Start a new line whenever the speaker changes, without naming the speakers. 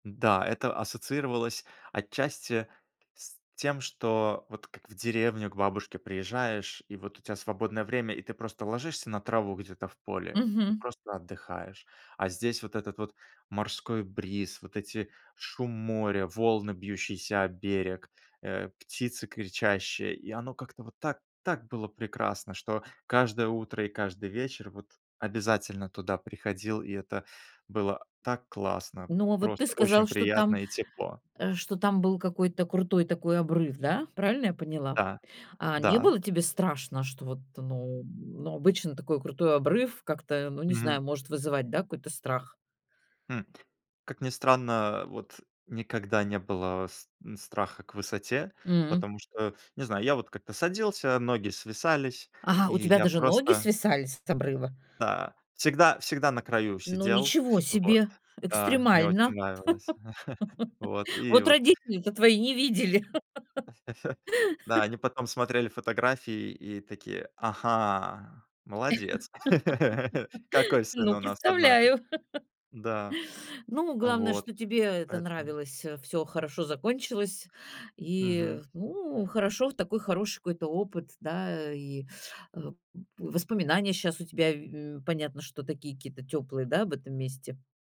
Да, это ассоциировалось отчасти с тем, что вот как в деревню к бабушке приезжаешь, и вот у тя свободное время, и ты просто ложишься на траву где-то в поле и
Мгм.
просто отдыхаешь. А здесь вот этот вот морской бриз, вот эти шум моря, волны, бьющиеся о берег, э, птицы кричащие, и оно как-то вот так так было прекрасно, что каждое утро и каждый вечер вот обязательно туда приходил, и это было, а, так классно.
Ну, а вот ты
Просто очень
сказал, что
приятно
там,
и тепло.
э, что там был какой-то крутой такой обрыв, да, правильно я поняла?
Да,
А не
да.
было тебе страшно, что вот, ну, м, ну, обычно такой крутой обрыв как-то, ну, не знаю,
Мгм.
может вызывать, да, какой-то страх?
Хм, как ни странно, вот никогда не было с н страха к высоте,
М.
потому что, не знаю, я вот как-то садился, ноги свисались,
Ага,
и
у тебя
я
даже ноги
просто
свисали с с обрыва?
Да, всегда всегда на краю
Ну,
сидел.
ничего
Вот,
себе,
да, мне очень
экстремально.
нравилось. Вот и
Вот
вот.
родители-то твои не видели.
Да, они потом смотрели фотографии и такие: "Ага, молодец, какой сын
Ну,
у нас, однако".
представляю.
Да,
Ну, главное,
вот.
что тебе это
Поэтому
нравилось, всё всё хорошо закончилось, и, э,
Мгм.
ну, хорошо, в такой хороший какой-то опыт, да, и, э, м, воспоминания щас у тебя, вь у понятно, что такие какие-то тёплые, да, об этом месте.